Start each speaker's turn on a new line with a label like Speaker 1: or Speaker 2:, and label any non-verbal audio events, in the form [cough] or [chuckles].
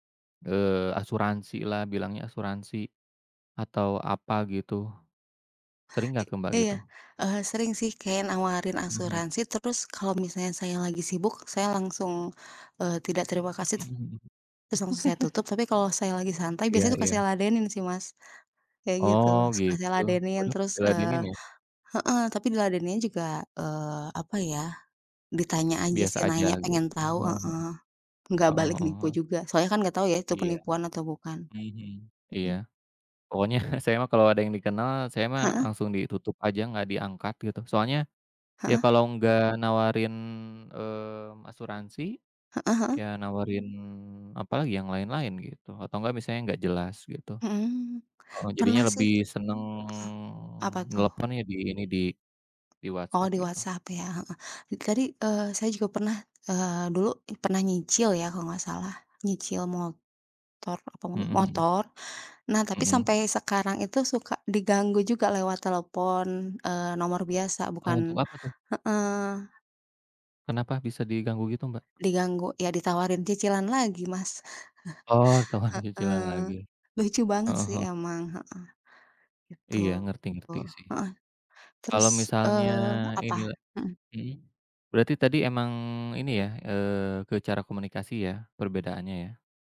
Speaker 1: Eee, asuransilah bilangnya asuransi, atau apa gitu, sering
Speaker 2: I
Speaker 1: gak ke Mbak
Speaker 2: iya,
Speaker 1: gitu?
Speaker 2: eee, sering sih kayak nawarin
Speaker 1: Mhm.
Speaker 2: asuransi terus kalau misalnya saya lagi sibuk saya langsung, eee, tidak terima kasih tet
Speaker 1: Mhm mhm.
Speaker 2: terus langsung saya tutup
Speaker 1: [chuckles]
Speaker 2: tapi kalau saya lagi santai
Speaker 1: Iya
Speaker 2: biasanya suka
Speaker 1: iya.
Speaker 2: saya ladenin sih Mas, kayak gitu
Speaker 1: Oh,
Speaker 2: suka saya
Speaker 1: gitu,
Speaker 2: ladenin
Speaker 1: waduh,
Speaker 2: terus, eee
Speaker 1: diladenin ya?
Speaker 2: heeh, tapi di ladeninnya juga, eee, apa ya, ditanya aja
Speaker 1: Biasa
Speaker 2: sih
Speaker 1: aja
Speaker 2: nanya pengen
Speaker 1: gitu, heeh
Speaker 2: tahu
Speaker 1: heeh
Speaker 2: heeh,
Speaker 1: heeh,
Speaker 2: enggak balik
Speaker 1: heeh heeh
Speaker 2: nipu
Speaker 1: heeh.
Speaker 2: juga soalnya kan enggak tahu ya itu
Speaker 1: Iya
Speaker 2: penipuan
Speaker 1: iya,
Speaker 2: atau bukan,
Speaker 1: mhm mhm, iya,
Speaker 2: mhm.
Speaker 1: pokoknya saya mah kalau ada yang dikenal saya mah
Speaker 2: Heeh.
Speaker 1: langsung ditutup aja gak diangkat gitu soalnya, ya
Speaker 2: Heeh.
Speaker 1: kalau nggak nawarin, mmm, asuransi,
Speaker 2: Heeh heeh.
Speaker 1: ya nawarin apalagi yang lain-lain gitu atau enggak misalnya nggak jelas gitu.
Speaker 2: Mhm,
Speaker 1: Heeh, jadinya
Speaker 2: pernah sih
Speaker 1: lebih
Speaker 2: heh?
Speaker 1: seneng
Speaker 2: Apa tuh?
Speaker 1: nelepon ya di ini di di
Speaker 2: Oh,
Speaker 1: WhatsApp
Speaker 2: di
Speaker 1: gitu.
Speaker 2: WhatsApp ya, heeh, itu tadi, eee, saya juga pernah, eee, dulu i pernah nyicil ya kalau gak salah nyicil motor apa
Speaker 1: Mhm
Speaker 2: mobil
Speaker 1: mhm.
Speaker 2: motor. Nah, tapi sampai
Speaker 1: Mhm.
Speaker 2: sekarang itu suka diganggu juga lewat telepon, eee, nomor biasa
Speaker 1: Oh, untuk
Speaker 2: bukan
Speaker 1: apa tuh?
Speaker 2: heeh.
Speaker 1: Kenapa bisa diganggu gitu Mbak?
Speaker 2: Diganggu ya ditawarin cicilan lagi Mas.
Speaker 1: Oh, tambahan
Speaker 2: [chuckles]
Speaker 1: cicilan
Speaker 2: Heeh,
Speaker 1: lagi,
Speaker 2: lucu banget
Speaker 1: heeh
Speaker 2: sih
Speaker 1: heeh.
Speaker 2: emang, heeh, gitu,
Speaker 1: Iya, ngerti ngerti sih.
Speaker 2: heeh,
Speaker 1: Kalau
Speaker 2: terus,
Speaker 1: misalnya
Speaker 2: eee,
Speaker 1: ini
Speaker 2: apa? Mhm.
Speaker 1: mhm, berarti tadi emang ini ya, eee, ke cara komunikasi ya perbedaannya ya.